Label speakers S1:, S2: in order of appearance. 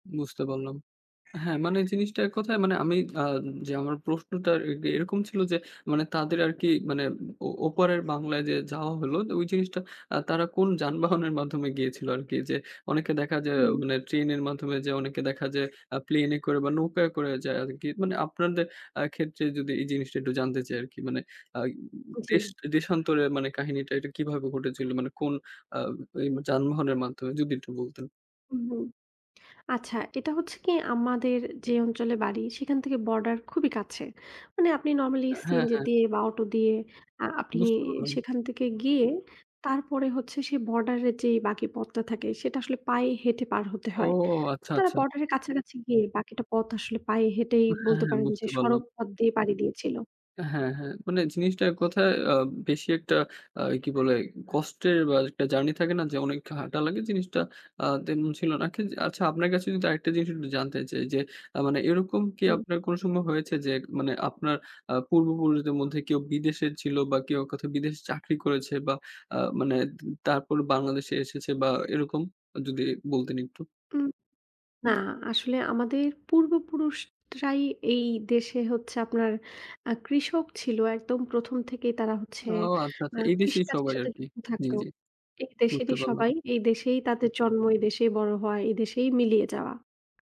S1: বুঝতে পারলাম। হ্যাঁ মানে জিনিসটা এক কথায় মানে আমি আ যে আমার প্রশ্নটা এ এরকম ছিল যে মানে তাদের আরকি মানে ও ওপারের বাংলায় যে যাওয়া হলো ওই জিনিসটা আ তারা কোন যানবাহনের মাধ্যমে গিয়েছিল আরকি? যে অনেকে দেখা যায়
S2: হু।
S1: মানে ট্রেনের মাধ্যমে যে অনেকে দেখা আ প্লেনে করে বা নৌকায় করে যায় আরকি মানে আপনাদের আ ক্ষেত্রে যদি এই জিনিসটা একটু জানতে চাই আরকি মানে আ দেশ
S2: জ্বী।
S1: দেশান্তরে মানে কাহিনীটা এটা কিভাবে ঘটেছিল মানে কোন আ যানবাহনের মাধ্যমে যদি একটু বলতেন?
S2: উহু। আচ্ছা এটা হচ্ছে কি? আমাদের যে অঞ্চলে বাড়ি সেখান থেকে বর্ডার খুবই কাছে। মানে আপনি নরমালি
S1: হ্যাঁ,
S2: সিএনজি
S1: হ্যাঁ।
S2: দিয়ে বা অটো দিয়ে আ আপনি
S1: বুঝতে পারলাম।
S2: সেখান থেকে গিয়ে তারপরে হচ্ছে সেই বর্ডারের যে বাকি পথটা থাকে সেটা আসলে পায়ে হেঁটে পার হতে
S1: ও!
S2: হয়। তো
S1: আচ্ছা,
S2: তারা
S1: আচ্ছা।
S2: বর্ডারের কাছাকাছি গিয়ে বাকিটা পথ আসলে পায়ে হেঁটেই
S1: ও হ্যাঁ,
S2: বলতে
S1: হ্যাঁ
S2: পারেন যে
S1: বুঝতে পারলাম।
S2: সড়ক পথ দিয়ে পাড়ি দিয়েছিল।
S1: হ্যাঁ, হ্যাঁ মানে জিনিসটা এক কথায় আ বেশি একটা আ কি বলে? কষ্টের বা একটা জার্নি থাকে না যে অনেক হাঁটা লাগে জিনিসটা আ তেমন ছিল না। কি আচ্ছা আপনার কাছে যদি আরেকটা জিনিস একটু জানতে চাই যে মানে এরকম কি
S2: হু।
S1: আপনার কোন সম্ভব হয়েছে যে মানে আপনার আ পূর্বপুরুষদের মধ্যে কেউ বিদেশে ছিল বা কেউ কোথাও বিদেশে চাকরি করেছে বা আ মানে তারপর বাংলাদেশে এসেছে বা এরকম যদি বলতেন একটু?
S2: উ না, আসলে আমাদের পূর্ব পুরুষরাই এই দেশে হচ্ছে আপনার আ কৃষক ছিল একদম ১ম থেকেই তারা হচ্ছে
S1: ও! আচ্ছা,
S2: আ
S1: আচ্ছা এই দেশেই
S2: কৃষিকাজের
S1: সবাই
S2: সাথে
S1: আরকি।
S2: যুক্ত
S1: জ্বী,
S2: থাকতো।
S1: জ্বী।
S2: এই
S1: বুঝতে
S2: দেশেরই সবাই।
S1: পারলাম।
S2: এই দেশেই তাদের জন্ম, এই দেশেই বড় হওয়া। এই দেশেই মিলিয়ে যাওয়া।